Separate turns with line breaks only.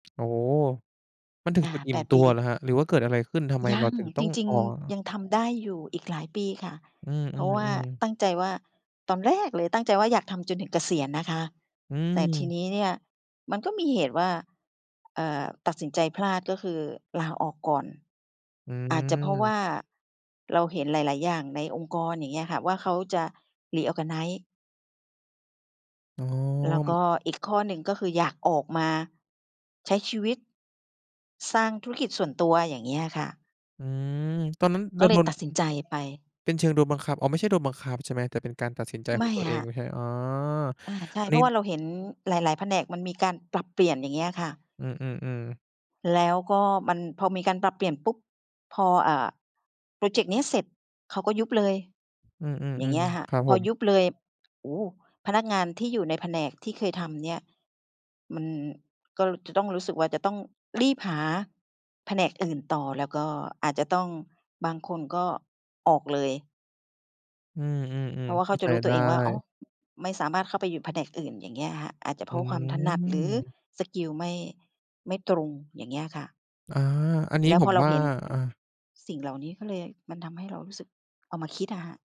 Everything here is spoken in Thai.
โอ้ มันถึ
อ
ง
า
จุดอิ
แ
่
ป
ม
ด
ตั
ป
วเหรอ
ี
ครับ หรือว่าเกิดอะไรขึ้น ทำไม
ย
เร
ั
า
ง
ถึงต้
จ
อง
ริง
ออ
ๆ ย
ก?
ังทำได้อยู่อีกหลายปีค่ะ
อื
เพราะว่า
อ ๆ ๆ
ตั้งใจว่า ตอนแรกเลยตั้งใจว่าอยากทำจนถึงเกษียณนะคะ
อื
แต่ที
ม
นี้เนี่ยมันก็มีเหตุว่า เอ่อ ตัดสินใจพลาด ก็คือลาออกก่อน
อื
อาจจะ เพราะว
อ
่าเราเห็นหลาย ๆ อย่างในองค์กรอย่างเงี้ยค่ะ ว่าเขาจะ Reorganize
อ๋อ
แล้ว
ม
ก็อีกข้อหนึ่ง ก็คืออยากออกมาใช้ชีวิต สร้างธุรกิจส่วนตัว อย่างเงี้ยอะค่ะ
อืม ตอนนั้นโ
ก
ด
็เ
น
ล
โด
ย
น
ตัดสินใจไป
เป็นเชิงโดนบังคับ อ๋อ ไม่ใช่โดนบังคับใช่ไหม แต่เป็นการตัดสินใจ
ไ
ข
ม
อ
่
งตัวเอ
ค่
งไหม
ะ
ครับ? อ๋อ
อา ใช่
อัน
เพ
น
ร
ี
า
้
ะว่าเราเห็นหลาย ๆ แผนกมันมีการปรับเปลี่ยน อย่างเงี้ยอะค่ะ
อือ ๆ ๆ
แล้วก็มัน พอมีการปรับเปลี่ยนปุ๊บ พอ อ่า พรอเจกต์นี้เสร็จเขาก็ยุบเลย
อืม
อย่างเงี้ย
ๆ
ค่ะ
ๆ ครับ
พ
ผ
อ
ม
ยุบเลย โอ้ พนักงานที่อยู่ในแผนกที่เคยทำเนี่ย มันก็จะต้องรู้สึกว่า จะต้องรีบหาแผนกอื่นต่อ แล้วก็อาจจะต้อง บางคนก็ออกเลย
อื
เพ
อ
รา
ๆ
ะว
ๆ
่
เ
า
ข
เข
้
า
า ใ
จ
จ
ะรู้ต
ได
ัว
้
เองว่า อ๋อ ไม่สามารถเข้าไปอยู่แผนกอื่น อย่างเงี้ยค่ะ อาจจะเ
อ
พ
ื
ราะความถนัด หรือ
อ
สกิลไม่ ไม่ตรง อย่างเงี้ยค่ะ
อา อันนี
แ
้
ล้ว
ผ
พอ
ม
เรา
ว่า
เห็น อ
อา
สิ่งเหล่านี้ ก็เลยมันทำให้เรารู้สึกเอามาคิดอะค่ะ